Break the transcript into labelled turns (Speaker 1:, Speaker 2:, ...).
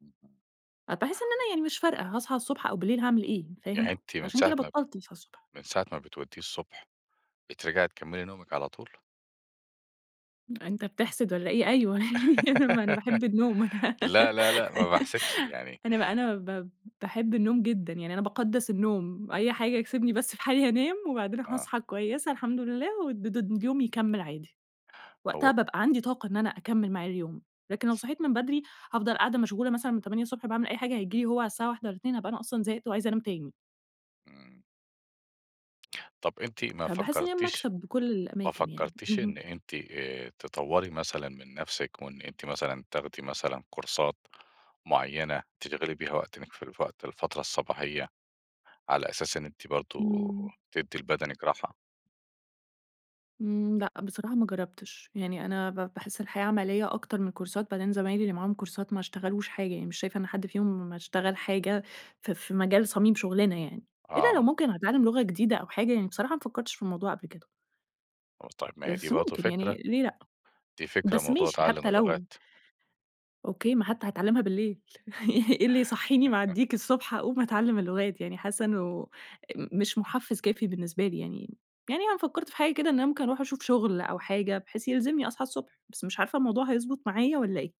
Speaker 1: [unintelligible]
Speaker 2: أ باحس إن أنا يعني مش فارقة، هاصحي الصبح أو بالليل هاعمل إيه؟
Speaker 1: يعني
Speaker 2: فاهم؟
Speaker 1: أنتِ مِن
Speaker 2: فعشان
Speaker 1: ساعة
Speaker 2: كده
Speaker 1: ما ب
Speaker 2: بطلت أصحي الصبح.
Speaker 1: من ساعة ما بتوديه الصبح، بترجعي تكملي نومِك على طول؟
Speaker 2: أنتَ بِتحسد والّا إيه؟ أيوه، يعني ما أنا باحب النوم أنا
Speaker 1: لأ، لأ، لأ ما باحسدش يعني
Speaker 2: أنا أنا ب باحب النوم جدًا، يعني أنا باقدس النوم، أي حاجة سيبني بس في حالي هانام، وبعدين
Speaker 1: آه.
Speaker 2: هاصحي كويسة الحمد لله والد د واليوم يكمل عادي. وقتها
Speaker 1: هو
Speaker 2: بابقى عندي طاقة إن أنا أكمل معاه اليوم، لكن لو صحيت من بدري هافضل قاعدة مشغولة مثلًا من 8:00 الصبح باعمل أي حاجة، هييجي لي هو على الساعة 13:00 والّا 14:00 هابقى أصلًا زهقت وعايزة أنام تاني.
Speaker 1: امم. طب أنتِ ما
Speaker 2: فباحس إن هي
Speaker 1: فكرتيش
Speaker 2: مكسب بكل
Speaker 1: ما
Speaker 2: الأماكن يعني.
Speaker 1: فكرتيش إن
Speaker 2: اهم.
Speaker 1: أنتِ آآ تطوري مثلًا من نفسِك، وإن أنتِ مثلًا تاخدي مثلًا كورسات معينة تشغلي بيها وقت من فال في وقت الفترة الصباحية؟ على أساس إن أنتِ برضو
Speaker 2: امم.
Speaker 1: تدِّي لبدنِك راحة.
Speaker 2: امم، لأ، بصراحة ما جربتش، يعني أنا ب باحس الحياة عملية أكتر من كورسات بعدين زمايلي اللي معاهم كورسات ما اشتغلوش حاجة يعني، مش شايفة إن حد فيهم اشتغل حاجة ف في مجال صميم شُغلنا يعني. إلا لو
Speaker 1: آه.
Speaker 2: ممكن هيتعلم لغة جديدة أو حاجة يعني، بصراحة ما فكرتش في الموضوع قبل كده.
Speaker 1: [unintelligible] آه طيب ما هي دي
Speaker 2: بس
Speaker 1: برضو
Speaker 2: ممكن يعني،
Speaker 1: فكرة،
Speaker 2: ليه لأ؟
Speaker 1: دي فكرة
Speaker 2: بس
Speaker 1: موضوع
Speaker 2: ماشي،
Speaker 1: تعلم
Speaker 2: حتى لو
Speaker 1: اللغات.
Speaker 2: أوكي، ما حتي هاتعلمها بالليل إيه اللي هيصحيني مع الديك الصبح أقوم أتعلم اللغات يعني، حاسة إنه ام مش محفز كافي بالنسبه لي يعني، يعني أنا فكرت في حاجة كده إن أنا ممكن أروح أشوف شغل أو حاجة بحيث يلزمني أصحى الصبح، بس مش عارفة الموضوع هيضبط معايا والّا إيه؟